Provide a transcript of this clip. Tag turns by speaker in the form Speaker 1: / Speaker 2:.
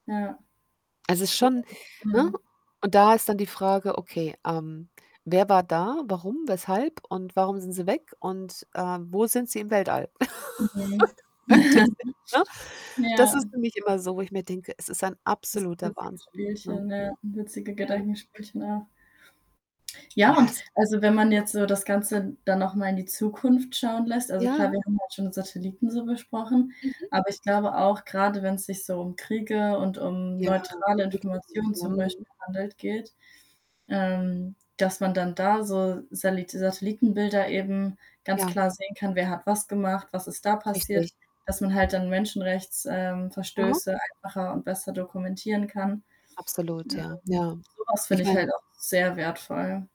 Speaker 1: Ja.
Speaker 2: Es ist
Speaker 1: Cool.
Speaker 2: schon ne,
Speaker 1: Mhm.
Speaker 2: und da ist dann die Frage: „Okay, ähm, wer war da? Warum? Weshalb? Und warum sind sie weg“, und, äh, „wo sind sie im Weltall?“
Speaker 1: Mhm.
Speaker 2: [unintelligible] Ne? Das
Speaker 1: Ja.
Speaker 2: ist für mich immer so, wo ich mir denke: „Es ist ein absoluter
Speaker 1: Erstklassige
Speaker 2: Wahnsinn, ne?“
Speaker 1: Spielchen, ja, witzige
Speaker 2: Ja.
Speaker 1: Gedankenspielchen auch. Ja,
Speaker 2: Ja,
Speaker 1: und
Speaker 2: es
Speaker 1: also, wenn man jetzt so das Ganze dann noch mal in die Zukunft schauen lässt, also
Speaker 2: Ja?
Speaker 1: klar, wir haben halt schon Satelliten so besprochen,
Speaker 2: Mhm.
Speaker 1: aber ich glaube auch, gerade wenn's sich so um Kriege und um
Speaker 2: Ja,
Speaker 1: neutrale
Speaker 2: Konflikte
Speaker 1: Informationen zum Beispiel
Speaker 2: [unintelligible]
Speaker 1: handelt geht, ähm, dass man dann da so Salit Satellitenbilder eben ganz
Speaker 2: Ja.
Speaker 1: klar sehen kann, wer hat was gemacht, was ist da passiert?
Speaker 2: Richtig.
Speaker 1: Dass man halt dann Menschenrechts ähm,
Speaker 2: Mhm.
Speaker 1: Verstöße einfacher und besser dokumentieren kann.
Speaker 2: Absolut, ja,
Speaker 1: Ähm,
Speaker 2: ja.
Speaker 1: sowas
Speaker 2: Ich
Speaker 1: finde ich
Speaker 2: meine
Speaker 1: halt auch sehr wertvoll.